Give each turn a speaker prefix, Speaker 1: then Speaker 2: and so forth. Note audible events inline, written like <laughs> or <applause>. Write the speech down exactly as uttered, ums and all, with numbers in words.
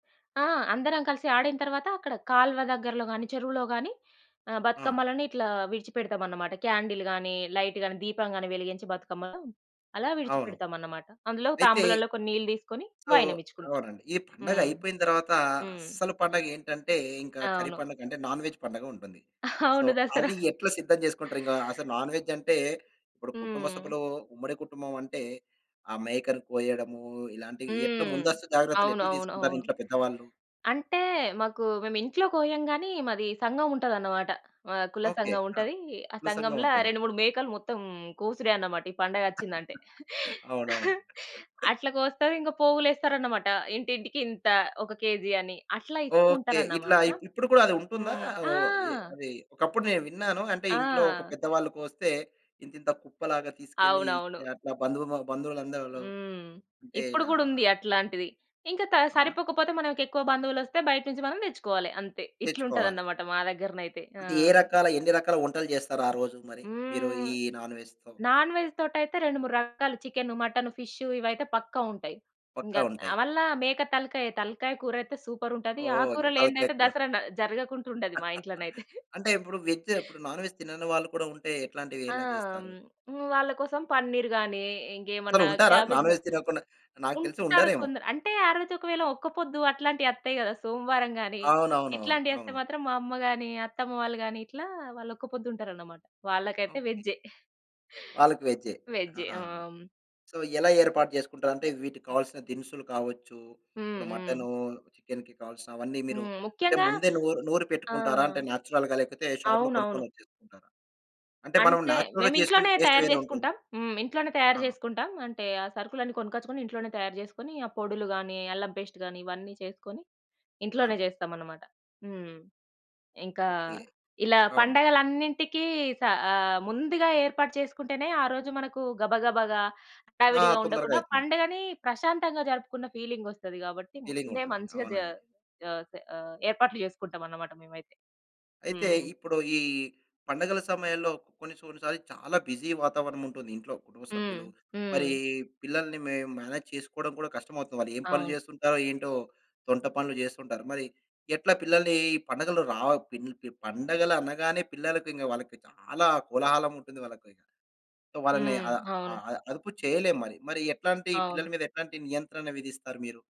Speaker 1: ఆ! అందరం కలిసి ఆడిన తరువాత అక్కడ కాలువ దగ్గరలో గాని, చెరువులో గాని ఆ
Speaker 2: ఆ!
Speaker 1: బతుకమ్మలని ఇట్లా విడిచిపెడతామన్నమాట. క్యాండిల్ గాని, లైట్ గాని, దీపం గాని వెలిగించి బతుకమ్మ అలా
Speaker 2: అవును.
Speaker 1: విడిచిపెడతామన్నమాట. అందులో
Speaker 2: అయితే
Speaker 1: తాంబూలంలో కొన్ని నీళ్ళు తీసుకొని
Speaker 2: సో,
Speaker 1: వైయానమిచ్చుకుంటాం.
Speaker 2: అవునండి. ఈ
Speaker 1: హ్మ్.
Speaker 2: పండగైపోయిన తర్వాత
Speaker 1: హ్మ్.
Speaker 2: అసలు పండగ ఏంటంటే, ఇంకా కర్రీ
Speaker 1: అవును.
Speaker 2: పండగ అంటే నాన్ వేజ్ పండుగుంటుంది. సో,
Speaker 1: అవును. దసరా.
Speaker 2: అది ఎట్లా సిద్ధం చేసుకుంటారు? ఇంగా అసలు నాన్ వేజ్ అంటే ఇప్పుడు కుటుంబ
Speaker 1: హ్మ్.
Speaker 2: సభ్యులు ఉమ్మడి కుటుంబమంటే, ఆ మేకను కోయడము ఇలాంటివి ఎట్లా
Speaker 1: హ్మ్.
Speaker 2: ముందస్తు జాగ్రత్తలు
Speaker 1: అవును.
Speaker 2: ఎట్లా
Speaker 1: అవును.
Speaker 2: తీసుకుంటారు
Speaker 1: అవును.
Speaker 2: ఇంట్లో పెద్దవాళ్ళు?
Speaker 1: అంటే మాకు మేము ఇంట్లో కోయం గానీ, మాది సంగముంటదన్నమాట. ఆ! కుల
Speaker 2: ఓకే. ఆ!
Speaker 1: సంఘముంటది. ఆ
Speaker 2: కుల
Speaker 1: సంఘం‌ల
Speaker 2: సంఘవుంటది.
Speaker 1: రెండు మూడు మేకలు మొత్తం కోసుడే అన్నమాట ఈ పండగ అచ్చిందంటే.
Speaker 2: <laughs> అవునవును.
Speaker 1: <chuckles> అట్లా కోస్తారు ఇంగా పోగులేస్తారన్నమాట. ఇంటింటికి ఇంత ఒక కేజీ అని అట్లా ఇస్తూ
Speaker 2: ఓకే. ఇట్లా
Speaker 1: ఉంటారన్నమాట.
Speaker 2: ఇప్ ఇప్పుడు కూడా అది ఉంటుందా?
Speaker 1: హ్మ్.
Speaker 2: ఓ
Speaker 1: ఆ!
Speaker 2: ఎ అది ఒకప్పుడు నేను విన్నాను అంటే, ఇంట్లో ఒక
Speaker 1: ఆ!
Speaker 2: పెద్దవాళ్ళ కోస్తే ఇంతింత కుప్పలాగా తీసుకెళ్లి
Speaker 1: అవునవును.
Speaker 2: ఇచ్చా అట్లా బంధువుము బంధువులందరు
Speaker 1: హ్మ్.
Speaker 2: అంటే
Speaker 1: ఇప్పుడు
Speaker 2: ఇలా
Speaker 1: గూడా ఉంది అట్లాంటిది. ఇంకా త
Speaker 2: అవునా?
Speaker 1: సరిపోకపోతే మనకెక్కువ బంధువు‌లోస్తే బయట నుంచి మనం తెచ్చుకోవాలి అంతే. ఇట్లా
Speaker 2: తెచ్చుకోవాలి.
Speaker 1: ఉంటదన్నమాట మా దగ్గరనైతే. ఆ!
Speaker 2: అంటే, ఏ రకాల ఎన్ని రకాల వంటలు చేస్తారు ఆ రోజు మరి మీరు
Speaker 1: హ్మ్.
Speaker 2: ఈ నాన్ వేజ్‌తో?
Speaker 1: నాన్‌వేజ్‌తోటైయితే రెండు మూడు రకాలు చికెను, మటను, ఫిషు ఇవైతే పక్కా ఉంటాయి.
Speaker 2: పక్కా
Speaker 1: ఇంగా ఆహ్,
Speaker 2: ఉంటాయి.
Speaker 1: వల్ల మేక తలకాయ, తలకాయ కూరైతే సూపరుంటది! ఆ
Speaker 2: ఓహ్! ఇంగా తలకాయ
Speaker 1: కూరలేనిదైతే
Speaker 2: కూర.
Speaker 1: దసరా న జరగకుంటా ఉండది మా
Speaker 2: <laughs>
Speaker 1: ఇంట్లోనైతే.
Speaker 2: అంటే, ఇప్పుడు వెజ్జు ఇప్పుడు నాన్ వేజ్ తినని వాళ్ళు కూడా ఉంటే ఎట్లాంటివి
Speaker 1: ఆ!
Speaker 2: ఎలా చేస్తారు?
Speaker 1: వాళ్ళ కోసం పన్నీర్ గాని,
Speaker 2: అసలు
Speaker 1: ఇంకేమన్నా
Speaker 2: ఉంటారా?
Speaker 1: క్యాబేజ్
Speaker 2: నాన్ వేజ్ తినకుండా? నాకు తెలిసి
Speaker 1: ఉంటారు
Speaker 2: ఉండరేమో?
Speaker 1: కొందరు. అంటే ఆ రోజు ఒకవేళ ఒక్కపొద్దు అట్లాంటి అత్తయి కదా! సోమవారం గాని
Speaker 2: అవునవునవును.
Speaker 1: ఇట్లాంటివి అస్తే
Speaker 2: అవును
Speaker 1: మాత్రం మా అమ్మ గాని, అత్తమ్మ వాళ్ళు గాని ఇట్లా వాళ్ళు ఒక్క పొద్దుంటారన్నమాట వాళ్ళకైతే
Speaker 2: ఓకే.
Speaker 1: వెజ్జే.
Speaker 2: వాళ్ళకి వెజ్జే.
Speaker 1: వేజ్జే. ఆ!
Speaker 2: ఆహాహా! సో, ఎలా ఏర్పాటు చేసుకుంటారు? అంటే వీటికి కావాల్సిన దినుసులు కావచ్చు,
Speaker 1: హ్మ్.
Speaker 2: ఇప్పుడు
Speaker 1: హ్మ్.
Speaker 2: మటను, చికెన్‌కి కావాల్సిన అవన్నీ మీరు
Speaker 1: హ్మ్.
Speaker 2: అంటే
Speaker 1: ముఖ్యంగా
Speaker 2: ముందే నూరు నూరి
Speaker 1: ఆ!
Speaker 2: పెట్టుకుంటారా అంటే నేచురల్‌గా లేకపోతే షాప్‌లో
Speaker 1: అవునవును.
Speaker 2: కొనుక్కొనివచ్చేస్తుంటారా? అంటే మనం
Speaker 1: అంటే
Speaker 2: నేచురల్‌గా
Speaker 1: మేము
Speaker 2: చేసుకునే
Speaker 1: ఇంట్లోనే
Speaker 2: టేస్ట్
Speaker 1: తయారు
Speaker 2: వేరేవుంటుంది.
Speaker 1: చేసుకుంటాం హ్మ్. ఇంట్లోనే తయారు
Speaker 2: ఆహా!
Speaker 1: చేసుకుంటాం అంటే, ఆ సరుకులన్నీ కొనుకొచ్చుకొని ఇంట్లోనే తయారు చేసుకొని ఆ పొడులు గానీ, అల్లం పేస్ట్ గానీ ఇవన్నీ చేసుకొని ఇంట్లోనే
Speaker 2: ఆ!
Speaker 1: చేస్తామన్నమాట. హ్మ్. ఇంకా
Speaker 2: ఓకే.
Speaker 1: ఇలా
Speaker 2: అవును.
Speaker 1: పండగలన్నింటికీ స ఆహ్, ముందుగా ఏర్పాటు చేసుకుంటేనే ఆరోజు మనకు గబగబాగా,
Speaker 2: ఆ!
Speaker 1: హడావిడిగా ఉండకుండా
Speaker 2: తొందరగైతుంది.
Speaker 1: పండుగని ప్రశాంతంగా జరుపుకున్న ఫీలింగోస్తది కాబట్టి, ముందే
Speaker 2: ఫీలింగుంటుంది.
Speaker 1: మంచిగా జ
Speaker 2: అవునండి.
Speaker 1: జ ఆహ్, ఏర్పాట్లు చేసుకుంటామన్నమాట మేమైతే.
Speaker 2: అయితే,
Speaker 1: హ్మ్.
Speaker 2: ఇప్పుడు ఈ పండుగల సమయంలో కొన్ని, కొన్నిసార్లు చాలా బిజీ వాతావరణముంటుంది ఇంట్లో కుటుంబ
Speaker 1: హ్మ్.
Speaker 2: సభ్యులు, మరి
Speaker 1: హ్మ్.
Speaker 2: పిల్లల్ని మే మేనేజ్ చేసుకోవడం కూడా కష్టమోతుంది. వాళ్ళు ఏం పనులు
Speaker 1: అవును.
Speaker 2: చేస్తుంటారో, ఏంటో తొంట పనులు చేస్తుంటారు. మరి ఎట్లా పిల్లల్ని ఈ పండగలు రావ పిన్ ప పండగలు అనగానే పిల్లలకింక వాళ్ళకి చాలా కోలాహలముంటుంది వాళ్ళకి. సో, వాళ్ళని
Speaker 1: హ్మ్.
Speaker 2: అ అ
Speaker 1: అవును.
Speaker 2: అదుపు చేయలేం మరి మరి ఎట్లాంటి పిల్లల
Speaker 1: అవును.
Speaker 2: మీద ఎట్లాంటి నియంత్రణ విధిస్తారు మీరు?